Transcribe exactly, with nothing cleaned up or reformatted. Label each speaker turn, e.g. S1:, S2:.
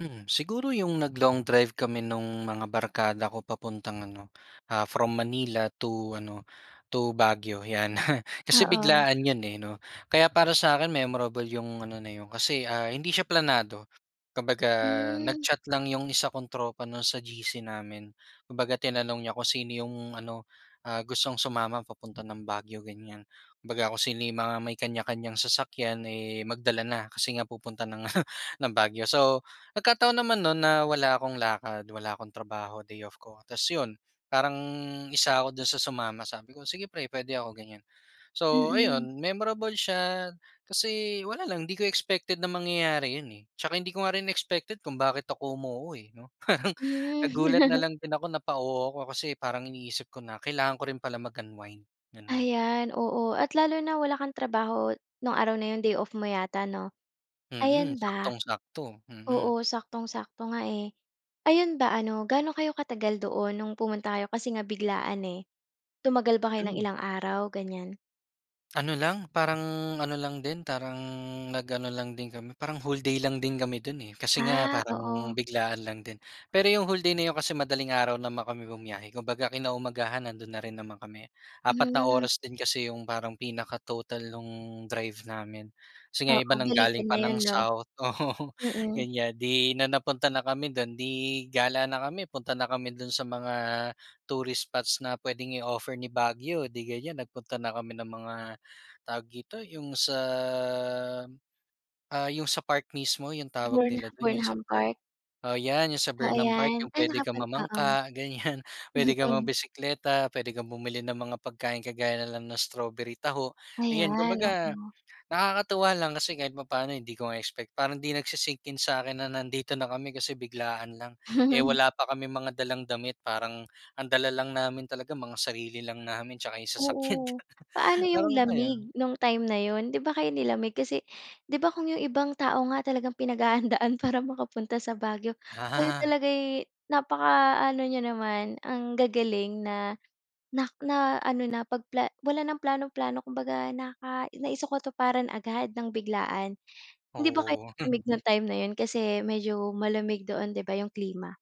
S1: Hmm, siguro yung nag-long drive kami nung mga barkada ko papuntang ano, ah, from Manila to ano, to Baguio, 'yan. Kasi
S2: Oo.
S1: biglaan yun, eh, 'no, kaya para sa akin memorable yung ano na yun, kasi, ah, hindi siya planado, kumbaga
S2: Hmm.
S1: nag-chat lang yung isa kong tropa, 'no, sa G-C namin. Kumbaga, tinanong niya kung sino yung ano, ah, gustong sumama papunta ng Baguio, gan'yan. Kumbaga, kung sino yung mga may kanya-kanyang sasakyan, eh, magdala na kasi nga pupunta ng Baguio. So, nagkataon naman no'n na wala akong lakad, wala akong trabaho, day off ko tapos 'yon, parang isa ako doon sa sumama. Sabi ko, "Sige, pre, puwede ako," ganyan. So,
S2: Mm.
S1: ayun memorable siya kasi wala lang, di ko expected na mangyayari yun, eh. Tsaka hindi ko nga rin expected kung bakit ako umuo, eh, 'no. Parang
S2: Hmm.
S1: nagulat na lang din ako, napa-oo ako. Kasi parang iniisip ko na kailangan ko rin pala mag-unwind, gano'n.
S2: Ayan, oo, at lalo na, wala kang trabaho nung araw na yung day off mo yata, 'no?
S1: Mm,
S2: Ayan ba?
S1: saktong-sakto, mm.
S2: Oo, saktong-sakto nga, eh. Ayun ba, ano, gaano kayo katagal doon nung pumunta kayo kasi nga biglaan, eh, tumagal ba kayo ng
S1: Hmm.
S2: ilang araw, gan'yan?
S1: Ano lang, parang ano lang din, parang nag-ano lang din kami, parang whole day lang din kami dun, eh, kasi nga
S2: Ah,
S1: parang
S2: oo.
S1: biglaan lang din. Pero yung whole day na yun kasi madaling araw naman kami bumiyahe. Kumbaga, kinaumagahan, nandun na rin naman kami, apat na
S2: Hmm.
S1: oras din kasi yung parang pinaka-total nung drive namin kasi nga
S2: Oo,
S1: iba ng galing
S2: balikan na
S1: pa ng
S2: yun, 'no?
S1: south,
S2: Mhm.
S1: ganyan, di na napunta na kami dun, di gala na kami, punta na kami dun sa mga tourist spots na puwedeng i-offer ni Baguio di gan'yan, nagpunta na kami ng mga tawag dito? Yung sa, ah, yung sa park mismo yung tawag
S2: Burn
S1: nila dun, yung sa
S2: Burnham
S1: park?
S2: Park.
S1: Oo, ’yan ’yung sa
S2: Oo,
S1: Burnham Park,
S2: 'yan.
S1: ’yung
S2: Ay,
S1: puwede kang
S2: nakapun
S1: mamangka, gan'yan, puwede kang
S2: oo.
S1: magbisikleta, puwede kang bumili ng mga pagkain, kagaya na lang ng strawberry taho, ayan.
S2: Ayan,
S1: Kumbaga,
S2: oo.
S1: nakakatuwa lang kasi kahit papaano, hindi ko nga expect, parang hindi nagsisink-in sa akin na nandito na kami kasi biglaan lang. Eh, wala pa kaming dalang damit, parang ang dala lang namin talaga mga sarili lang namin tsaka ’yung sasakyan,
S2: Oo, paano 'yong
S1: parang ayun.
S2: lamig nung time na 'yon? 'Di ba kayo nilamig, kasi 'di ba kung 'yong ibang tao nga talagang pinaghahandaan para makapunta sa Baguio, kayo
S1: Ah.
S2: talaga'y napakaano n'yo naman ang gagaling na na na ano na 'pag pla wala nang plano-plano, kumbaga naka naisakatuparan agad ng biglaan. Hindi ba kayo
S1: Oo.
S2: nilamig ng time na 'yon, kasi medyo malamig doon, 'di ba 'yong klima.